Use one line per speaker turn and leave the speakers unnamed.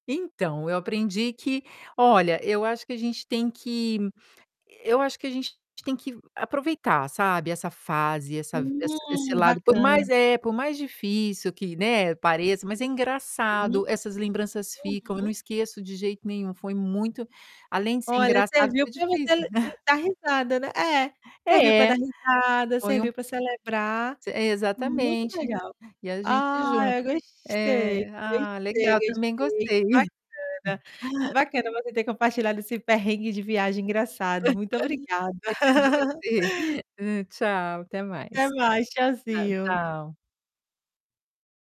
Então, eu aprendi que olha, eu acho que a gente tem que eu acho que a gente tem que aproveitar, sabe, essa fase, essa essa esse
Hum,
lado por
bacana.
mais, é por mais difícil que, né, pareça, mas é
Hum,
engraçado, essas lembranças ficam. Eu não
uhum.
esqueço de jeito nenhum, foi muito além de ser
Olha,
engraçado,
serviu
foi
pra você
difícil.
le hum, dar risada, né é, serviu para dar
É.
risada,
Foi um
serviu para celebrar.
eh,
Muito
exatamente.
legal.
E a gente
Ah, eu
junta.
gostei,
Eh, ah,
gostei,
legal, também
gostei,
gostei.
bacana. Bacana você ter compartilhado esse perrengue de viagem engraçado. Muito obrigada.
Obrigado você. Tchau, até
Até
mais.
mais,
Tchau,
tchauzinho.
tchau.